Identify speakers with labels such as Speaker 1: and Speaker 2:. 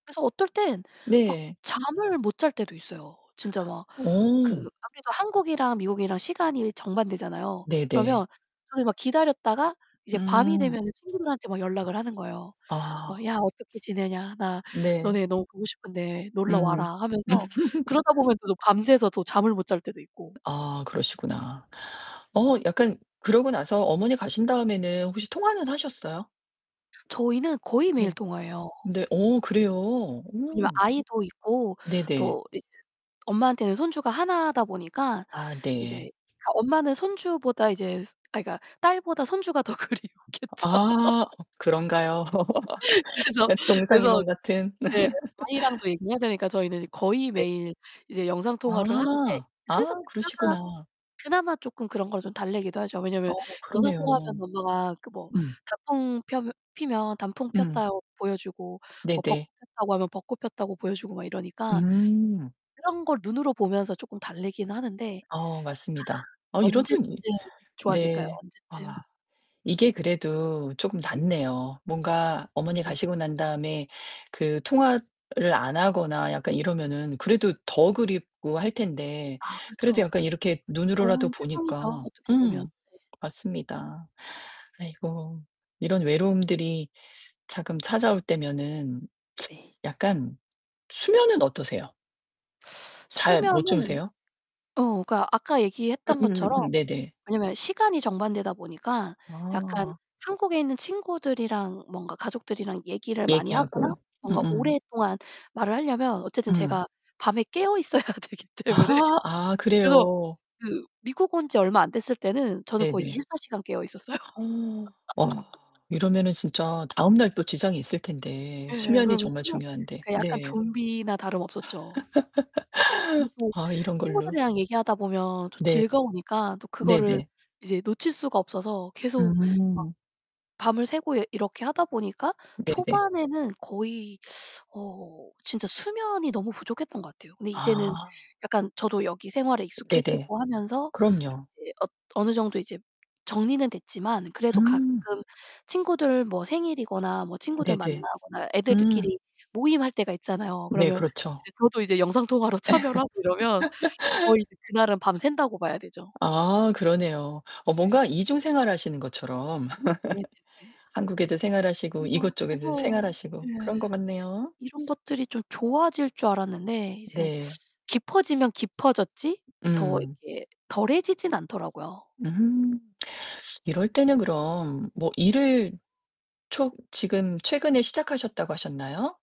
Speaker 1: 그래서 어떨 땐 막
Speaker 2: 네.
Speaker 1: 잠을 못 잘 때도 있어요. 진짜 막 그
Speaker 2: 어.
Speaker 1: 아무래도 한국이랑 미국이랑 시간이 정반대잖아요.
Speaker 2: 네네.
Speaker 1: 그러면 저는 막 기다렸다가 이제 밤이
Speaker 2: 음.
Speaker 1: 되면은 친구들한테 막 연락을 하는 거예요. 막
Speaker 2: 아.
Speaker 1: "야, 어떻게 지내냐? 나
Speaker 2: 네.
Speaker 1: 너네 너무 보고 싶은데
Speaker 2: 음.
Speaker 1: 놀러와라." 하면서. 그러다 보면 또 밤새서 잠을 못 잘 때도 있고
Speaker 2: 아 그러시구나. 어 약간 그러고 나서 어머니 가신 다음에는 혹시 통화는 하셨어요?
Speaker 1: 저희는 거의 매일
Speaker 2: 네.
Speaker 1: 통화해요.
Speaker 2: 네 어 그래요?
Speaker 1: 왜냐면
Speaker 2: 오.
Speaker 1: 아이도 있고
Speaker 2: 네네.
Speaker 1: 또 엄마한테는 손주가 하나다 보니까
Speaker 2: 아
Speaker 1: 이제
Speaker 2: 네.
Speaker 1: 엄마는 손주보다 이제 아니 그러니까 이제 딸보다 손주가 더 그리웠겠죠.
Speaker 2: 아 그런가요?
Speaker 1: 그래서
Speaker 2: 그러니까
Speaker 1: 그래서
Speaker 2: 동상이몽 같은.
Speaker 1: 네 아이랑도 얘기해야 되니까 저희는 거의
Speaker 2: 네.
Speaker 1: 매일 이제 영상통화를 하는데
Speaker 2: 아, 아
Speaker 1: 그래서
Speaker 2: 그러시구나.
Speaker 1: 그나마 조금 그런걸 좀 달래기도 하죠.
Speaker 2: 어
Speaker 1: 왜냐하면
Speaker 2: 그러네요.
Speaker 1: 영상통화하면 엄마가 뭐
Speaker 2: 음.
Speaker 1: 단풍 펴면 피면 단풍
Speaker 2: 음.
Speaker 1: 폈다고 보여주고, 뭐 벚꽃
Speaker 2: 네네.
Speaker 1: 폈다고 하면 벚꽃 폈다고 보여주고 막 이러니까.
Speaker 2: 음.
Speaker 1: 그런 걸 눈으로 보면서 조금 달래긴 하는데
Speaker 2: 어 맞습니다. 어 이러더니
Speaker 1: 언제쯤 좋아질까요?
Speaker 2: 네. 아.
Speaker 1: 언제쯤?
Speaker 2: 이게 그래도 쪼금
Speaker 1: 네.
Speaker 2: 낫네요. 뭔가 어머니
Speaker 1: 네.
Speaker 2: 가시고 난 다음에 그 통화를 안 하거나 약간 이러면은 그래도 더 그립고 할 텐데.
Speaker 1: 아,
Speaker 2: 그래도
Speaker 1: 그렇죠.
Speaker 2: 약간 이렇게 눈으로라도
Speaker 1: 좋은 세상이죠,
Speaker 2: 보니까
Speaker 1: 어떻게 보면.
Speaker 2: 음
Speaker 1: 네.
Speaker 2: 맞습니다. 아이고. 이런 외로움들이 잠깐 찾아올 때면은
Speaker 1: 네네.
Speaker 2: 약간 수면은 어떠세요? 잘 못
Speaker 1: 수면은
Speaker 2: 주무세요?
Speaker 1: 어, 그러니까 아까 얘기했던 것처럼
Speaker 2: 음음음 네네.
Speaker 1: 왜냐면 시간이 정반대다 보니까 약간
Speaker 2: 아
Speaker 1: 한국에 있는 친구들이랑 뭔가 가족들이랑 얘기를 많이 하거나
Speaker 2: 얘기하고. 음
Speaker 1: 뭔가
Speaker 2: 음.
Speaker 1: 오랫동안 말을 하려면 어쨌든
Speaker 2: 음.
Speaker 1: 제가 밤에 깨어있어야 되기 때문에.
Speaker 2: 아 아
Speaker 1: 그래서
Speaker 2: 그래요.
Speaker 1: 그 미국 온 지 얼마 안 됐을 때는 저는 거의
Speaker 2: 네네.
Speaker 1: 24 시간 깨어있었어요.
Speaker 2: 어 어 이러면 진짜 다음날 또 지장이 있을텐데,
Speaker 1: 예,
Speaker 2: 수면이
Speaker 1: 그러면
Speaker 2: 정말
Speaker 1: [unintelligible]
Speaker 2: 중요한데,
Speaker 1: 그 약간
Speaker 2: 네.
Speaker 1: 좀비나 다름 없었죠. 그리고
Speaker 2: 아 이런 걸로.
Speaker 1: 친구들이랑 얘기하다 보면 또
Speaker 2: 네.
Speaker 1: 즐거우니까 또 그거를
Speaker 2: 네네.
Speaker 1: 이제 놓칠 수가 없어서 계속 막
Speaker 2: 음.
Speaker 1: 밤을 새고 이렇게 하다보니까
Speaker 2: 네네.
Speaker 1: 초반에는 거의 어 진짜 수면이 너무 부족했던 것 같아요. 근데 이제는
Speaker 2: 아.
Speaker 1: 약간 저도 여기 생활에
Speaker 2: 네네.
Speaker 1: 익숙해지고 하면서 좀
Speaker 2: 그럼요.
Speaker 1: 이제 어느 정도 이제 정리는 됐지만, 그래도 가끔
Speaker 2: 음.
Speaker 1: 친구들 뭐 생일이거나 뭐 친구들
Speaker 2: 네네.
Speaker 1: 만나거나,
Speaker 2: 음.
Speaker 1: 애들끼리 모임할 때가 있잖아요.
Speaker 2: 네,
Speaker 1: 그러면
Speaker 2: 그렇죠.
Speaker 1: 저도 이제 영상통화로 참여를 하고 이러면 거의 그날은 밤 샌다고 봐야 되죠.
Speaker 2: 아, 그러네요. 어
Speaker 1: 네.
Speaker 2: 뭔가 이중 생활하시는 것처럼.
Speaker 1: 네네네.
Speaker 2: 한국에도 생활하시고
Speaker 1: 어
Speaker 2: 이곳 쪽에도
Speaker 1: 그래서
Speaker 2: 생활하시고 그런
Speaker 1: 예
Speaker 2: 것 같네요.
Speaker 1: 이런 것들이 좀 좋아질 줄 알았는데 이제
Speaker 2: 네.
Speaker 1: 깊어지면 깊어졌지 더
Speaker 2: 음.
Speaker 1: 이렇게 덜해지진 않더라고요.
Speaker 2: 음 이럴 때는 그럼 뭐 일을 초 지금 최근에 시작하셨다고 하셨나요?